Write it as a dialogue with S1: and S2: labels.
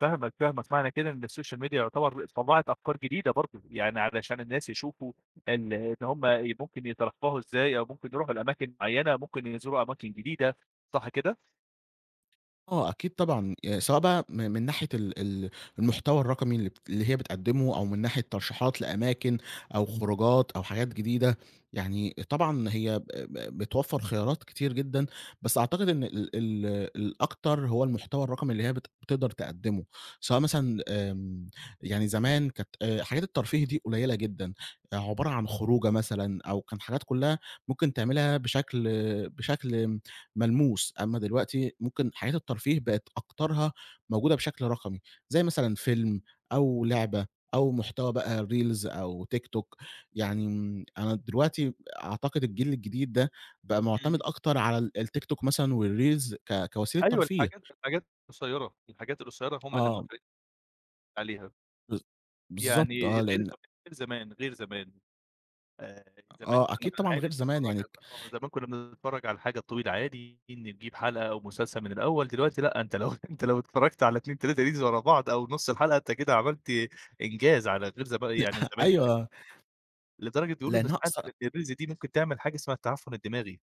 S1: فاهمك، فاهمك. معنى كده إن الsocial media يعتبر طلّعت أفكار جديدة برضه، يعني علشان الناس يشوفوا إن إن هُم ي ممكن يترفّهوا إزاي أو ممكن يروحوا لأماكن معيّنة، ممكن يزوروا أماكن جديدة. صح كده؟
S2: آه، أكيد طبعًا. يعني سواء بقى من من ناحية ال ال المحتوى الرقمي اللي بت اللي هي بتقدمه أو من ناحية ترشيحات لأماكن أو خروجات أو حاجات جديدة، يعني طبعًا هي ب ب بتوفّر خيارات كتير جدًا، بس أعتقد إن ال ال الأكتر هو المحتوى الرقمي اللي هي بت بتقدر تقدمه، سواء مثلًا آمم، يعني زمان كانت آآ، حاجات الترفيه دي قليلة جدًا، عبارة عن خروجة مثلًا أو كان حاجات كلّها ممكن تعملها بشكل بشكل آمم، ملموس أمّا دلوقتي ممكن حاجات الترفيه بقت أكترها موجودة بشكل رقمي، زي مثلًا فيلم أو لعبة أو محتوى بقى reels أو TikTok يعني امم، أنا دلوقتي ب أعتقد الجيل الجديد ده بقى معتمد
S1: إمم.
S2: أكتر على ال الTikTok مثلًا والreels ك كوسيلة
S1: أيوه،
S2: ترفيه.
S1: الحاجات-الحاجات قصيرة الحاجات القصيرة هُم اللي
S2: آه.
S1: موافق عليها.
S2: بالض بالضبط
S1: يعني
S2: آه،
S1: الreels
S2: لإن
S1: وغ غير زمان غير زمان. آآ، ي
S2: آ
S1: زمان
S2: آه
S1: كنّا
S2: أكيد
S1: بن
S2: طبعًا
S1: عادي
S2: غير زمان
S1: نتفرّج
S2: يعني
S1: على
S2: ك
S1: الب آه، زمان كنّا بنتفرّج على الحاجة الطويلة عادي، إن تجيب حلقة أو مسلسل من الأول دلوقتي لأ، أنت لو أنت لو اتفرّجت على 2، 3 reels ورا بعض أو نُص الحلقة أنت كده عملت إنجاز على غير زما
S2: لأ،
S1: يعني زمان بقى ك
S2: أيوه.
S1: لدرجة بيقولوا إن
S2: لإنها
S1: ساعات
S2: قصرت
S1: ال الreels دي ممكن تعمل حاجة اسمها التعفُّن الدماغي.